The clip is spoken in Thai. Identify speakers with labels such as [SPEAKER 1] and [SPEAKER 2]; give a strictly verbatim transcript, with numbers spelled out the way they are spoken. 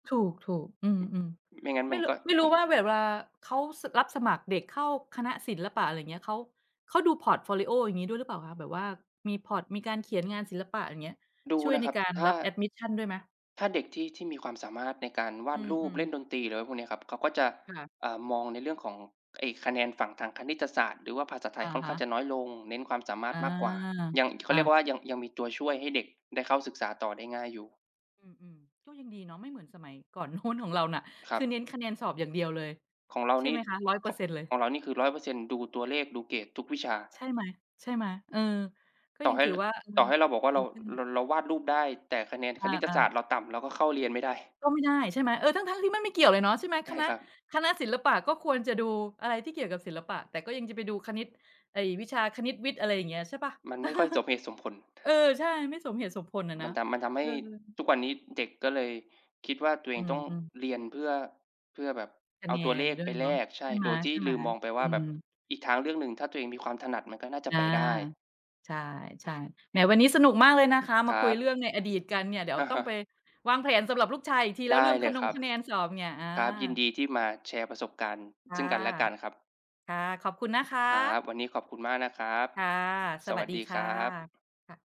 [SPEAKER 1] ถูก ๆ อืม
[SPEAKER 2] ไม่งั้
[SPEAKER 1] ๆ
[SPEAKER 2] น
[SPEAKER 1] ไม
[SPEAKER 2] มั
[SPEAKER 1] ่
[SPEAKER 2] น
[SPEAKER 1] รุ
[SPEAKER 2] ก็
[SPEAKER 1] ไม่ร
[SPEAKER 2] ม
[SPEAKER 1] ู้
[SPEAKER 2] ัน
[SPEAKER 1] ว่าแบบเวลาเขา ส รับสมัครเด็กเข้าคณะศิลปะ อะไรเงี้ย เขา เขาดูพอร์ตโฟลิโอ อย่างงี้ ด้วยหรือเปล่าคะ? แบบว่ามี พอร์ต มีการ เขียนงานศิลปะ อย่างเงี้ย
[SPEAKER 2] ดู
[SPEAKER 1] ช่วย
[SPEAKER 2] นะ
[SPEAKER 1] ใน
[SPEAKER 2] ครับ
[SPEAKER 1] การ
[SPEAKER 2] ถ้
[SPEAKER 1] รั
[SPEAKER 2] า
[SPEAKER 1] บแอดมิสชัน ด้วยไหม?
[SPEAKER 2] ถ้าเด็กที่ ที่มีความสามารถในการว
[SPEAKER 1] อ
[SPEAKER 2] า
[SPEAKER 1] ื
[SPEAKER 2] ดรูป
[SPEAKER 1] อ
[SPEAKER 2] เล่น
[SPEAKER 1] ๆ
[SPEAKER 2] ดนตรี หรือไรพวกเนี้ยครับ เขาก็จะ
[SPEAKER 1] ค่ะ
[SPEAKER 2] อ่า มองในเรื่องของ ไอ้ คะแนนฝั่งทางคณิตศาสตร์หรือว่าภาษาไท
[SPEAKER 1] อ
[SPEAKER 2] ย
[SPEAKER 1] ะ
[SPEAKER 2] ค่อน
[SPEAKER 1] ฮ
[SPEAKER 2] ข้าง
[SPEAKER 1] ะ
[SPEAKER 2] จะน้อยลง เน้นความ สามาร
[SPEAKER 1] อ
[SPEAKER 2] ถ
[SPEAKER 1] า
[SPEAKER 2] มากกว่า ยัง เข
[SPEAKER 1] อ
[SPEAKER 2] าเรียก
[SPEAKER 1] า
[SPEAKER 2] ว่า ยัง ยังมีตัวช่วยให้เด็กได้เข้าศึกษาต่อได้ง่ายอยู่
[SPEAKER 1] อืม ๆ ก็ยังดีเนาะ ไม่เหมือนสมัยก่อน โน้น ของเราน่ะ
[SPEAKER 2] ค
[SPEAKER 1] ค
[SPEAKER 2] รั
[SPEAKER 1] ือ
[SPEAKER 2] บ
[SPEAKER 1] เน้นคะแนนสอบอย่างเดียวเลย
[SPEAKER 2] ของเรา
[SPEAKER 1] ใช่
[SPEAKER 2] นี
[SPEAKER 1] ไ
[SPEAKER 2] ่
[SPEAKER 1] หมคะ? ร้อยเ
[SPEAKER 2] เข
[SPEAKER 1] ปอร
[SPEAKER 2] า
[SPEAKER 1] ์
[SPEAKER 2] ะ
[SPEAKER 1] เซ็นต์ เลย
[SPEAKER 2] ของเรานี่คือ ร้อยเปอร์เซ็นต์ ดูตัวเลข ดูเกรดทุกวิชา
[SPEAKER 1] ใช่ไหม ๆ เออ ก็
[SPEAKER 2] ต่
[SPEAKER 1] ย
[SPEAKER 2] อ
[SPEAKER 1] ัง
[SPEAKER 2] ให้
[SPEAKER 1] ถื
[SPEAKER 2] ล
[SPEAKER 1] อว่า เออ
[SPEAKER 2] ต่อให้เราบอกว่า เ
[SPEAKER 1] ด
[SPEAKER 2] ร
[SPEAKER 1] ี
[SPEAKER 2] า
[SPEAKER 1] ขึ้น
[SPEAKER 2] ร เราวาดรูปได้ แต่คะแนนคณิต
[SPEAKER 1] อา
[SPEAKER 2] ศาสตร
[SPEAKER 1] ๆ
[SPEAKER 2] ์ เราต่ำ เราก็เข้าเรียนไม่ได้
[SPEAKER 1] ก็ไม่ได้ ใช่ไหม เออ ทั้ง ๆ ที่มันไม่เกี่ยวเลยเนาะ ใช่ไหม
[SPEAKER 2] ไม่
[SPEAKER 1] ค
[SPEAKER 2] ให้
[SPEAKER 1] ณะ
[SPEAKER 2] ครับ
[SPEAKER 1] คณะศิลปะก็ควรจะดูอะไรที่เกี่ยวกับศิลปะ แต่ก็ยังจะไปดูคณิต ไอ้ วิชาคณิต วิทย์ อะไรอย่างเงี้ย ใช่เปล่า?
[SPEAKER 2] มันไม่ค่อยสมเหตุสมผล
[SPEAKER 1] เออ ใช่ ไม่สมเหตุสมผลน่ะ
[SPEAKER 2] ม
[SPEAKER 1] น
[SPEAKER 2] ั
[SPEAKER 1] ะ
[SPEAKER 2] นทำ มันทำให
[SPEAKER 1] เออ
[SPEAKER 2] ้ทุกวันนี้ เด็กก็เลยคิดว่า ตัวเอ
[SPEAKER 1] อื
[SPEAKER 2] งต้อง
[SPEAKER 1] ม ๆ
[SPEAKER 2] เรียนเพื่อ เพื่อแบบ
[SPEAKER 1] ค
[SPEAKER 2] เ
[SPEAKER 1] ะ
[SPEAKER 2] อา
[SPEAKER 1] แน
[SPEAKER 2] ตัวเล
[SPEAKER 1] น
[SPEAKER 2] ข
[SPEAKER 1] ด้
[SPEAKER 2] ไป
[SPEAKER 1] วยเ
[SPEAKER 2] แล
[SPEAKER 1] นาะ
[SPEAKER 2] ก ใช
[SPEAKER 1] ใช
[SPEAKER 2] ่
[SPEAKER 1] ่ไ
[SPEAKER 2] โดยที่
[SPEAKER 1] ห
[SPEAKER 2] ล
[SPEAKER 1] ม
[SPEAKER 2] ืมมองไป
[SPEAKER 1] ๆ
[SPEAKER 2] ว
[SPEAKER 1] อ
[SPEAKER 2] ่
[SPEAKER 1] ื
[SPEAKER 2] าแบบ
[SPEAKER 1] ม
[SPEAKER 2] อีกทางเรื่องหนึ่ง ถ้าตัวเองมีความถนัด มันก็น่าจะ
[SPEAKER 1] อา
[SPEAKER 2] ไปได้
[SPEAKER 1] ใช่ ๆ แหม วันนี้สนุกมากเลยนะคะ ม
[SPEAKER 2] ค
[SPEAKER 1] า
[SPEAKER 2] ร
[SPEAKER 1] คุย
[SPEAKER 2] ั
[SPEAKER 1] เรื่
[SPEAKER 2] บ
[SPEAKER 1] องในอดีตกันเนี่ย เดี๋ย
[SPEAKER 2] ฮ
[SPEAKER 1] ว
[SPEAKER 2] ะ
[SPEAKER 1] ต
[SPEAKER 2] ฮ
[SPEAKER 1] ้อง
[SPEAKER 2] ะ
[SPEAKER 1] ไปวางแผนสำหรับลูกชายอีกทีแล
[SPEAKER 2] ไ
[SPEAKER 1] ้
[SPEAKER 2] ด
[SPEAKER 1] วเ
[SPEAKER 2] ้
[SPEAKER 1] รื่อง
[SPEAKER 2] เล
[SPEAKER 1] คะ
[SPEAKER 2] ย
[SPEAKER 1] น
[SPEAKER 2] ค
[SPEAKER 1] ง
[SPEAKER 2] รับ
[SPEAKER 1] คะแนนสอบเนี่ย อา
[SPEAKER 2] ครับ ยินดีที่มาแชร์ประสบการณ์
[SPEAKER 1] ค
[SPEAKER 2] ซ
[SPEAKER 1] ่
[SPEAKER 2] ึ
[SPEAKER 1] ะ
[SPEAKER 2] ่งกันและกันครับ
[SPEAKER 1] ค่ะ ขอบคุณนะค
[SPEAKER 2] ครับ
[SPEAKER 1] ะ
[SPEAKER 2] วันนี้ขอบคุณมากนะครับ
[SPEAKER 1] ค่ะ ส
[SPEAKER 2] สว
[SPEAKER 1] วั
[SPEAKER 2] ั
[SPEAKER 1] ส
[SPEAKER 2] ส
[SPEAKER 1] ดี
[SPEAKER 2] ดี
[SPEAKER 1] ค
[SPEAKER 2] ค
[SPEAKER 1] ่
[SPEAKER 2] ร
[SPEAKER 1] ะ
[SPEAKER 2] ับ
[SPEAKER 1] ค่ะ